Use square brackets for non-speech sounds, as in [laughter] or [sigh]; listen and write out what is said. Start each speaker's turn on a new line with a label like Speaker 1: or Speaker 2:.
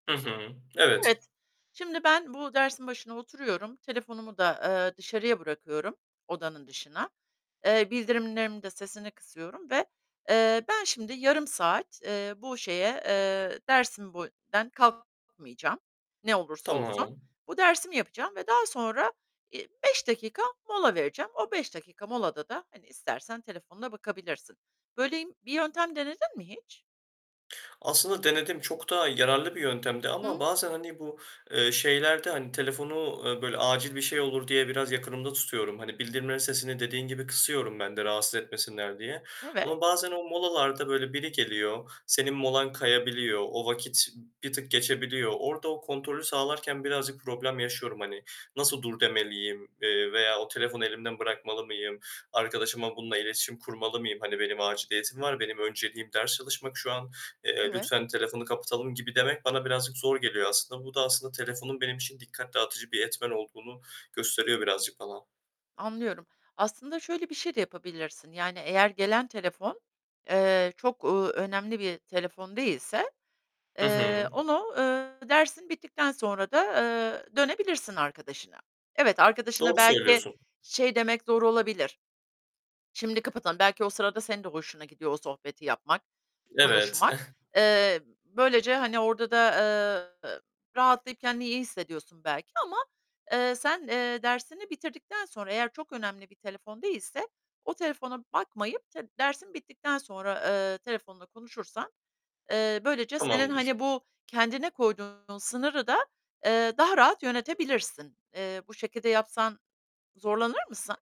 Speaker 1: Hı hı, evet.
Speaker 2: Evet, şimdi ben bu dersin başına oturuyorum, telefonumu da, eee, dışarıya bırakıyorum, odanın dışına. Eee, bildirimlerimin de sesini kısıyorum ve, eee, ben şimdi yarım saat, eee, bu şeye, eee, dersim boyun [unintelligible] kalkmayacağım. Ne olursa olsun.
Speaker 1: Tamam.
Speaker 2: Bu dersimi yapacağım ve daha sonra, iii, 5 dakika mola vereceğim. O 5 dakika molada da, hani, istersen telefonuna bakabilirsin. Böyle im bir yöntem denedin mi hiç?
Speaker 1: Aslında denedim, çok da yararlı bir yöntemdi
Speaker 2: Hı
Speaker 1: ama
Speaker 2: hı.
Speaker 1: bazen, hani, bu, eee, şeylerden, telefonu, eee, böyle acil bir şey olur diye, biraz yakınımda tutuyorum. Hani, bildirimlerin sesini dediğin gibi kısıyorum ben de rahatsız etmesinler diye
Speaker 2: Evet.
Speaker 1: ama bazen o molalarda böyle biri geliyor, senin molan kayabiliyor, o vakit bir tık geçebiliyor. Orada o kontrolü sağlarken birazcık problem yaşıyorum, hani, nasıl dur demeliyim? Eee, veya o telefonu elimden bırakmalı mıyım? Arkadaşıma bununla iletişim kurmalı mıyım? Hani, benim aciliyetim var, benim önceliğim ders çalışmak şu an, eee,
Speaker 2: Evet.
Speaker 1: lütfen telefonu kapatalım, gibi demek bana birazcık zor geliyor aslında. Bu da aslında telefonun benim için dikkat dağıtıcı bir etmen olduğunu gösteriyor birazcık falan.
Speaker 2: Anlıyorum. Aslında şöyle bir şey de yapabilirsin, yani eğer gelen telefon, eee, çok, uuu, önemli bir telefon değilse,
Speaker 1: Hı
Speaker 2: eee,
Speaker 1: hı.
Speaker 2: onu, eee, dersin bittikten sonra da, eee, dönebilirsin arkadaşına. Evet arkadaşına
Speaker 1: Doğru
Speaker 2: belki
Speaker 1: söylüyorsun.
Speaker 2: şey demek zor olabilir. Şimdi kapatalım. Belki o sırada senin de hoşuna gidiyor o sohbeti yapmak,
Speaker 1: Evet.
Speaker 2: konuşmak.
Speaker 1: [scoffs]
Speaker 2: Eee, böylece, hani, orada da, eee, rahatlayıp kendini iyi hissediyorsun belki ama, eee, sen, eee, dersini bitirdikten sonra eğer çok önemli bir telefon değilse o telefona bakmayıp tı dersin bittikten sonra, eee, telefonla konuşursan, eee, böylece senin,
Speaker 1: Tamamdır.
Speaker 2: hani, bu kendine koyduğun sınırı da, eee, daha rahat yönetebilirsin. Eee, bu şekilde yapsan zorlanır mısın?